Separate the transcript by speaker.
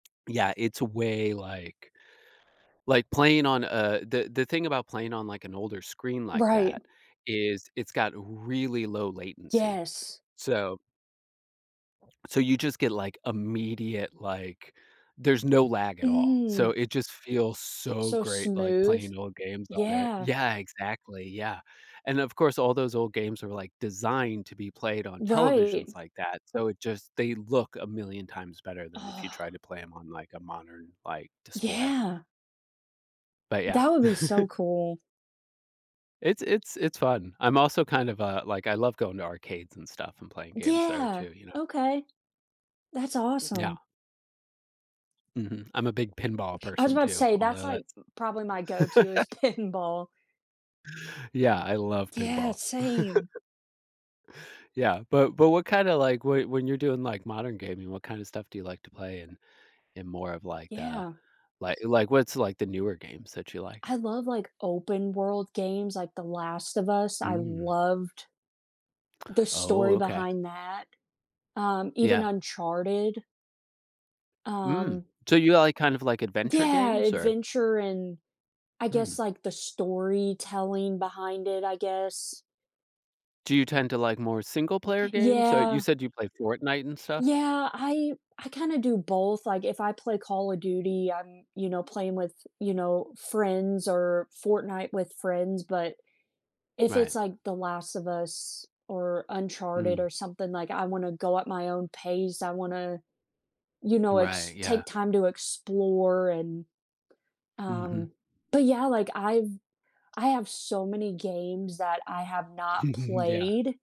Speaker 1: Yeah, it's way like like, playing, on, uh, the the thing about playing on like an older screen like
Speaker 2: Right.
Speaker 1: that is, it's got really low latency,
Speaker 2: Yes.
Speaker 1: so so you just get, like, immediate, like there's no lag at all, so
Speaker 2: Mm.
Speaker 1: it just feels so
Speaker 2: So
Speaker 1: great, like,
Speaker 2: smooth,
Speaker 1: playing old games on it.
Speaker 2: yeah.
Speaker 1: Yeah, exactly, yeah, and of course all those old games are, like, designed to be played on televisions
Speaker 2: Right.
Speaker 1: like that, so it just they look a million times better than if you try to play 'em on, like, a modern, like, display.
Speaker 2: Yeah.
Speaker 1: But, yeah.
Speaker 2: That would be so cool.
Speaker 1: It's it's it's fun. I'm also kind of, uh, like I love going to arcades and stuff and playing games there
Speaker 2: Yeah,
Speaker 1: too, you know.
Speaker 2: okay, that's
Speaker 1: Yeah.
Speaker 2: awesome.
Speaker 1: Mhm, I'm a big pinball
Speaker 2: I was
Speaker 1: person
Speaker 2: about to
Speaker 1: too,
Speaker 2: say that's,
Speaker 1: although
Speaker 2: like, m
Speaker 1: that's
Speaker 2: probably my go to is pinball.
Speaker 1: Yeah, I love
Speaker 2: Yeah,
Speaker 1: pinball.
Speaker 2: same.
Speaker 1: Yeah, but but what kinda like when when you're doing, like, modern gaming, what kind of stuff do you like to play in in more of like the
Speaker 2: Yeah.
Speaker 1: like like, what's, like, the newer games that you like?
Speaker 2: I love, like, open-world games, like, The Last of Us, I
Speaker 1: Mm.
Speaker 2: loved the
Speaker 1: Oh,
Speaker 2: story
Speaker 1: okay.
Speaker 2: behind that, um, even
Speaker 1: Yeah.
Speaker 2: Uncharted.
Speaker 1: Mm,
Speaker 2: Um
Speaker 1: so you, like, kind of, like, adventure
Speaker 2: Yeah,
Speaker 1: games, or?
Speaker 2: adventure, and, I guess,
Speaker 1: Mm.
Speaker 2: like, the storytelling behind it, I guess.
Speaker 1: Do you tend to like more single-player games, or you
Speaker 2: Yeah.
Speaker 1: said you play Fortnite and stuff?
Speaker 2: Yeah, I I kinda do both, like, if I play Call of Duty, I'm, you know, playing with, you know, friends or Fortnite with friends, but if
Speaker 1: Right.
Speaker 2: it's like The Last of Us or Uncharted
Speaker 1: Mm.
Speaker 2: or something, like, I wanna go at my own pace, I wanna, you know, ex
Speaker 1: Right, yeah.
Speaker 2: take time to explore and,
Speaker 1: Mhm.
Speaker 2: um, but yeah, like I've I have so many games that I have not
Speaker 1: Yeah.
Speaker 2: played.